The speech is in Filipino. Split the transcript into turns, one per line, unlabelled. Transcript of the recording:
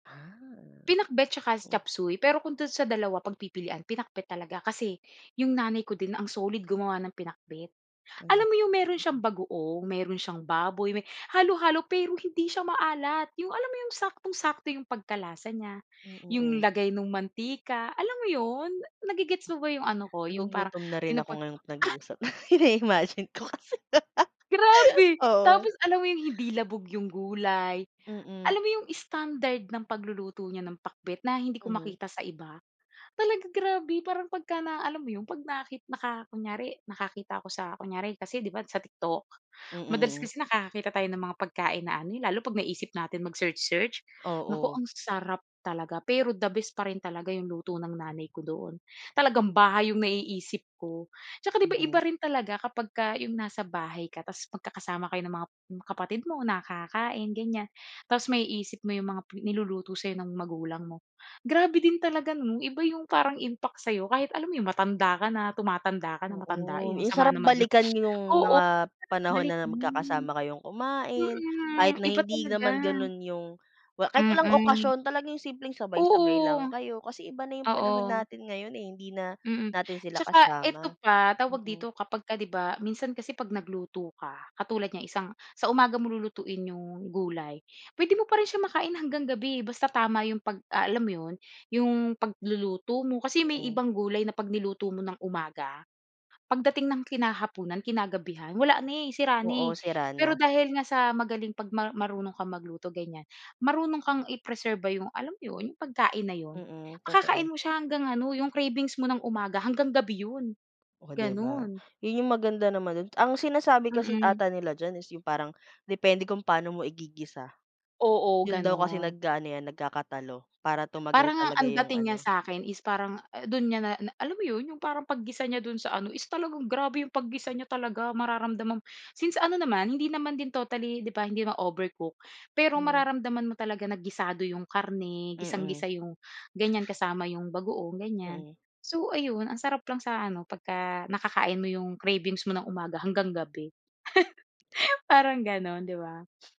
Ha.
Pinakbet 'tsaka chopsuey, pero kung do'n sa dalawa pagpipilian, pinakbet talaga. Kasi 'yong nanay ko din ang solid gumawa ng pinakbet. Alam
Um,
mo yung meron siyang
mhm.
bagoong, meron siyang baboy, may halo-halo pero hindi siya maalat. Yung alam mo 'yong saktong-sakto yung pagkalasa niya,
Hmm,
yung
mhm.
lagay nung mantika, alam mo 'yon? Nage-gets mo ba yung ano ko, yung parang
Nagugutom na rin ako
pinupon
ngayong nag-uusap nai-imagine ko kasi.
Grabe!
Oo.
Tapos alam mo 'yung hindi labog 'yung gulay.
Mhm.
Alam mo yung standard ng pagluluto niya ng pakbet, na hindi ko
Mhm.
makita sa iba. Talaga grabe, parang pagka na alam mo yung 'pag naki naka kunyari nakakita ko sa kunyari kasi 'di ba sa TikTok?
Mhm,
Madalas
mhm.
kasi nakakakita tayo ng mga pagkain na ano eh, lalo 'pag naisip natin mag-search-search, naku,
Oo.
ang sarap talaga! Pero the best pa rin talaga yung luto ng nanay ko doon. Talagang bahay yung naiisip ko. Tsaka 'di ba, iba
Mhm.
rin talaga kapagka yung nasa bahay ka, tapos magkakasama kayo ng mga kapatid mo, na kakain ganyan. Tapos maiisip mo yung mga niluluto sa'yo ng magulang mo. Grabe din talaga 'no, iba yung parang impact sa'yo kahit alam mo yung matanda ka na, tumatanda ka na,
Oo,
matandain. Ang
yung
sama
sarap
naman nun.
balikan yung
Oo,
mga panahon
balik
na
mm.
magkakasama kayong kumain kahit
Mhm,
na
iba
hindi
talaga.
naman ganon yung kahit walang
Mhm.
okasyon talaga yung simpleng sabay-sabay lang
Oo,
kayo. Kasi iba na yung panahon
oo.
natin ngayon eh, hindi na
Mhm,
natin sila
tsaka
kasama.
eto pa, tawag
Mhm.
dito? Kapag ka di ba minsan kasi 'pag nagluto ka katulad niyan isang sa umaga mo lulutuin yung gulay, pwede mo pa rin siya makain hanggang gabi eh, basta tama yung 'pag ah, alam mo 'yon, yung pagluluto mo. Kasi may
Mhm.
ibang gulay na 'pag niluto mo ng umaga, pagdating ng kinahapunan, kinagabihan wala na eh, sira
Oo,
na eh.
sira na.
Pero, dahil nga sa magaling 'pag mar marunong kang magluto ganyan, marunong kang i-preserba yung, alam mo yun, yung pagkain na yun.
Mhm, totoo.
Makakain mo siya hanggang ano, yung cravings mo ng umaga hanggang gabi yun,
Oh, 'di ba?
gano'n.
'Yon yung maganda naman do'n. Ang sinasabi kasi
Mhm.
ata nila diyan is yung parang depende kung paano mo igigisa.
Oo,
Yun daw kasi
gano'n.
nag-aano yan, nagkakatalo. Para tumagal
Parang nga
talaga
ang
yung
dating niya
ano
sa'kin is parang dun niya na na, alam mo 'yon? Yung parang paggisa niya dun sa ano is talagang grabe yung paggisa niya talaga. Mararamdaman since ano naman hindi naman din totally di ba, hindi naman overcook. Pero
Mhm.
mararamdaman mo talaga na gisado yung karne,
Mhm.
gisang-gisa yung ganyan, kasama yung bagoong, ganyan.
Mhm.
So, ayun, ang sarap lang sa ano pagka nakakain mo yung cravings mo ng umaga hanggang gabi. Parang ganon, di ba?